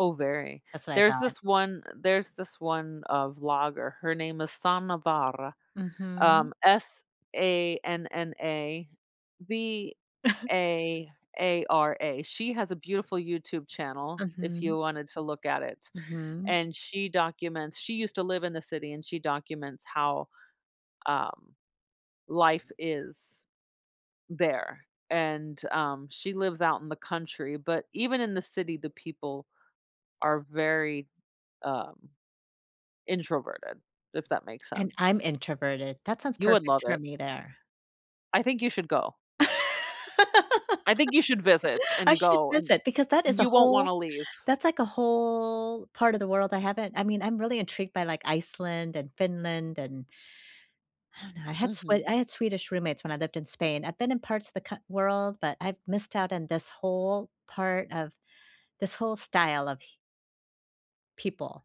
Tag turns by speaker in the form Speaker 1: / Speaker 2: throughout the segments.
Speaker 1: Oh, very.
Speaker 2: That's what I
Speaker 1: There's
Speaker 2: thought.
Speaker 1: this one there's this one, uh, vlogger. Her name is Sanna Vaara,
Speaker 2: Mhm.
Speaker 1: um, S-A-N-N-A V-A-A-R-A. She has a beautiful YouTube channel if you
Speaker 2: Mhm.
Speaker 1: wanted to look at it,
Speaker 2: Mhm.
Speaker 1: and she documents she used to live in the city and she documents how, um, life is there, and, um, she lives out in the country, but even in the city the people are very, um, introverted, if that makes
Speaker 2: And I'm
Speaker 1: sense.
Speaker 2: introverted. That sounds
Speaker 1: You would love
Speaker 2: perfect for
Speaker 1: it.
Speaker 2: me there.
Speaker 1: I think you should go. I think you should visit
Speaker 2: I
Speaker 1: and
Speaker 2: should
Speaker 1: go, and
Speaker 2: visit, because that is a
Speaker 1: you won't
Speaker 2: whole
Speaker 1: wanna leave.
Speaker 2: that's, like, a whole part of the world I haven't I mean, I'm really intrigued by, like, Iceland and Finland and I don't know, I had Sw
Speaker 1: Mhm.
Speaker 2: I had Swedish roommates when I lived in Spain. I've been in parts of the cou world, but I've missed out on this whole part of this whole style of h people.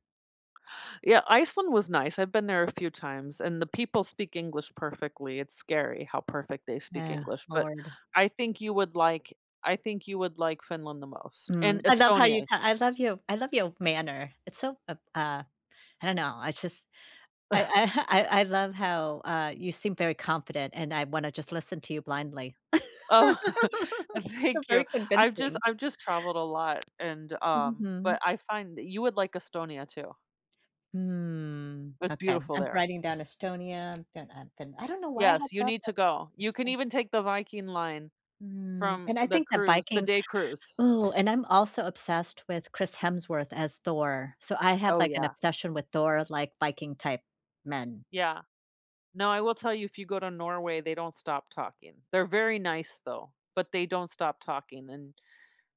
Speaker 1: Yeah, Iceland was nice, I've been there a few times, and the people speak English perfectly. It's scary how perfect they speak
Speaker 2: Yeah.
Speaker 1: English, but
Speaker 2: Lord.
Speaker 1: I think you would like I think you would like Finland the most, and
Speaker 2: Mm, I love how you
Speaker 1: Estonia e
Speaker 2: ta I love you I love your manner. It's so ab uh, I don't know, I just I I ha I I love how, uh, you seem very confident, and I wanna just listen to you blindly.
Speaker 1: Oh, uh,
Speaker 2: You're
Speaker 1: thank you.
Speaker 2: very
Speaker 1: I've just
Speaker 2: convincing.
Speaker 1: I've just traveled a lot, and, um
Speaker 2: Mhm.
Speaker 1: but I find that you would like Estonia too.
Speaker 2: Mm,
Speaker 1: It's
Speaker 2: okay
Speaker 1: beautiful
Speaker 2: I'm
Speaker 1: there.
Speaker 2: writing down Estonia, then I've been I don't know why I had
Speaker 1: Yes, you
Speaker 2: thought
Speaker 1: need to
Speaker 2: that
Speaker 1: go. You can
Speaker 2: Eston
Speaker 1: even take the Viking Line
Speaker 2: Mm,
Speaker 1: from
Speaker 2: and I
Speaker 1: the
Speaker 2: think that
Speaker 1: cruise the
Speaker 2: Vikings
Speaker 1: day cruise.
Speaker 2: Ooh, and I'm also obsessed with Chris Hemsworth as Thor. So I have,
Speaker 1: Oh,
Speaker 2: like, an
Speaker 1: yeah.
Speaker 2: obsession with Thor, like, Viking-type men.
Speaker 1: Yeah. Now I will tell you if you go to Norway, they don't stop talking. They're very nice though, but they don't stop talking, and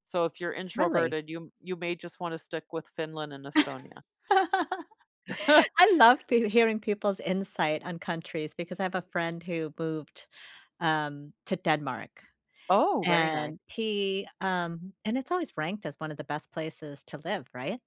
Speaker 1: so if you're
Speaker 2: Really?
Speaker 1: introverted you m you may just wanna stick with Finland and Estonia.
Speaker 2: I love peo hearing people's insight on countries, because I have a friend who moved, um, to Denmark,
Speaker 1: Oh, very nice.
Speaker 2: and he, um and it's always ranked as one of the best places to live, right?